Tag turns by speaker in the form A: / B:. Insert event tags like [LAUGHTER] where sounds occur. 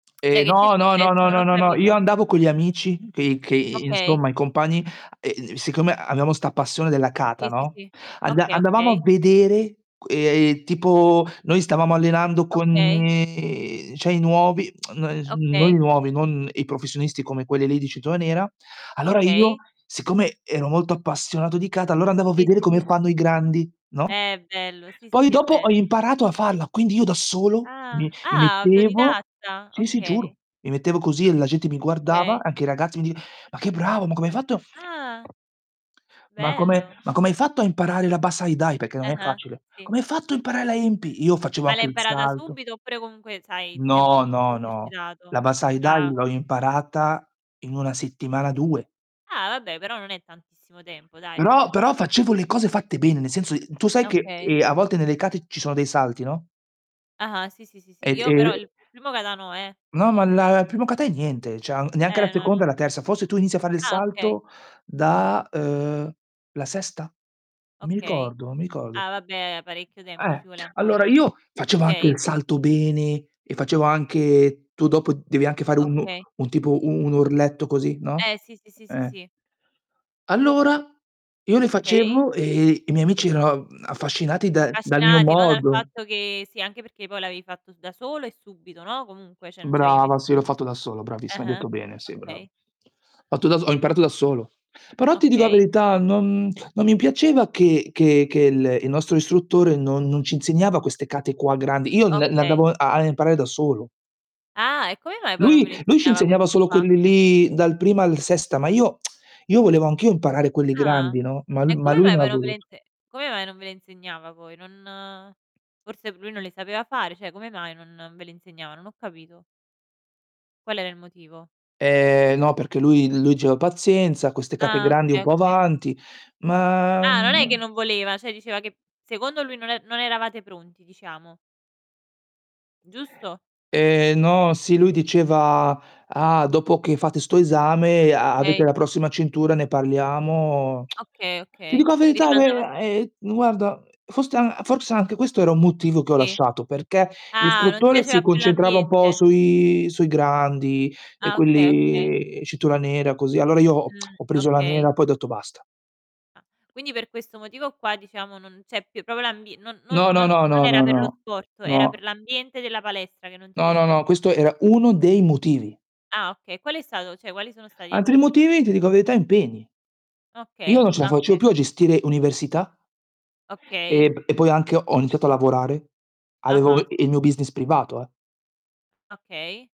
A: [CLICKS TONGUE] Cioè
B: Ehm,
A: che ti è
B: no, no, no,
A: successo?
B: no,
A: Non ho
B: no, no, io
A: capito.
B: andavo con gli amici dei che,
A: Okay.
B: insomma i compagni, uhm, siccome abbiamo 'sta passione della kata,
A: Sì, sì,
B: no,
A: sì.
B: anda
A: Okay,
B: andavamo a
A: okay.
B: vedere, uhm, tipo noi stavamo allenando con
A: Okay.
B: uhm cioè i nuovi, [CLICKS TONGUE] no, i
A: Okay.
B: nuovi, non i professionisti come quelli lì di cintura nera, allora io,
A: Okay.
B: siccome ero molto appassionato di kata, andavo a
A: Sì,
B: vedere
A: sì,
B: come
A: sì.
B: fanno i grandi, no,
A: Eh, bello. Sì, sì,
B: poi
A: sì, è
B: dopo
A: bello.
B: ho imparato a farla, quindi io da solo
A: Ah.
B: mi mi
A: Ah,
B: mettevo,
A: autodidatta?
B: sì, sì,
A: Okay.
B: giuro, mi mettevo così e la gente mi guardava,
A: Okay.
B: anche i ragazzi mi di "Ma che bravo, ma come hai fatto
A: Ah!
B: ma come
A: Bello.
B: ma come hai fatto a imparare la Bassai Dai?" Perché non è
A: Ah-ah,
B: facile.
A: sì.
B: "Come hai fatto a imparare la Enpi?" Io facevo
A: Ma l'hai
B: anche il
A: imparata
B: salto
A: subito oppure comunque, sai, ti sei
B: No,
A: comunque
B: no, no,
A: esercitato?
B: la Bassai Dai
A: Ah.
B: l'ho imparata in 1 settimana, 2.
A: Ah vabbè, però non è tantissimo tempo dai, cioè,
B: Però però
A: pensavo
B: facevo le cose fatte bene, nel senso i tu sai che,
A: Okay.
B: ehm, a volte nelle kate ci sono dei salti, no?
A: Ah-ah. Sì, sì, sì,
B: E,
A: sì. Io
B: ehm
A: però il primo kata no, eh
B: No, ma la il primo kata è niente, cioè neanche la
A: Eh, no,
B: seconda
A: no.
B: e la terza. Forse tu inizi a fare il
A: Ah, okay.
B: salto da, uhm, la sesta? Non mi
A: Okay.
B: ricordo, non mi ricordo.
A: Ah, vabbè, parecchio tempo
B: Eh,
A: ci vuole
B: allora
A: ancora.
B: io facevo anche
A: Okay.
B: il salto bene e facevo anche tu dopo devi anche fare un
A: Okay.
B: un tipo un orletto così, no,
A: Eh, sì, sì, sì, sì,
B: eh.
A: sì.
B: Allora, io li
A: Okay.
B: facevo e i miei amici eran ehm, affascinati da dal mio
A: Affascinati, no, dal
B: modo.
A: fatto che sì, anche perché poi l'avevi fatto da solo e subito, no, comunque cioè, non c'avevi
B: Brava, sì l'ho
A: nessu
B: fatto da solo,
A: eh
B: bravissima, hai
A: eh,
B: detto bene, sì brava. Ho
A: okay.
B: fatto da so ho imparato da solo. Però ti dico la
A: Okay.
B: verità, non non mi piaceva che che che l il nostro istruttore non non ci insegnava queste kata qua grandi, io l le
A: Okay.
B: andavo a a imparare da solo.
A: Ah e come mai poi non ve
B: Lui
A: lo
B: lui ci
A: insegnava
B: insegnava
A: queste
B: solo
A: qua?
B: quelli lì dal primo al sesta, ma io [CLICKS TONGUE] io volevo anch'io imparare quelli
A: Ah,
B: grandi, no, ma l
A: e
B: ma
A: come
B: lui
A: mai
B: non ha
A: però
B: voluto.
A: [UNINTELLIGIBLE] come mai non ve le insegnava a voi? Non forse lui non le sapeva fare, cioè come mai non ve le insegnava? Non ho capito. Qual era il motivo?
B: Ehm, no perché lui lui diceva: "Pazienza, queste kata
A: Ah,
B: grandi un
A: okay,
B: po'
A: okay.
B: avanti". Ma,
A: Ah, non è che
B: mhmm.
A: non voleva, cioè diceva che secondo lui non e non eravate pronti, diciamo. Giusto?
B: Ehm, no, sì lui diceva: "Ah dopo che fate sto esame, a avete
A: Okay.
B: la prossima cintura ne parliamo".
A: Okay,
B: [TSK] Ti
A: okay.
B: dico la
A: Vi
B: verità
A: rimandava s
B: ehm ehm guarda, forse a forse anche questo era un motivo che ho
A: Sì.
B: lasciato, perché
A: Ah, non ti
B: l'istruttore si
A: piaceva più
B: concentrava un po'
A: l'ambiente?
B: sui sui grandi e
A: Ah okay, okay.
B: quelli cintura nera così, allora io [CLICKS TONGUE]
A: Mh,
B: ho preso la
A: okay.
B: nera poi ho detto basta.
A: Ah, quindi per questo motivo qua diciamo, non c'è più proprio l'ambie non non
B: No, no,
A: non
B: no, no,
A: era
B: no,
A: per lo
B: no.
A: sport, era per
B: No.
A: l'ambiente della palestra che non ti
B: No, no,
A: piaceva
B: no, questo era uno dei motivi.
A: Ah okay, qual è stato cioè, quali sono stati gli
B: Altri
A: altri motivi?
B: motivi, ti dico la verità, impegni. Io non
A: Okay.
B: ce la
A: Ah,
B: facevo
A: okay.
B: più a gestire università e
A: Okay.
B: p e poi anche ho iniziato a lavorare, avevo
A: Ah-ah, sì.
B: il mio business privato, eh.
A: Okay.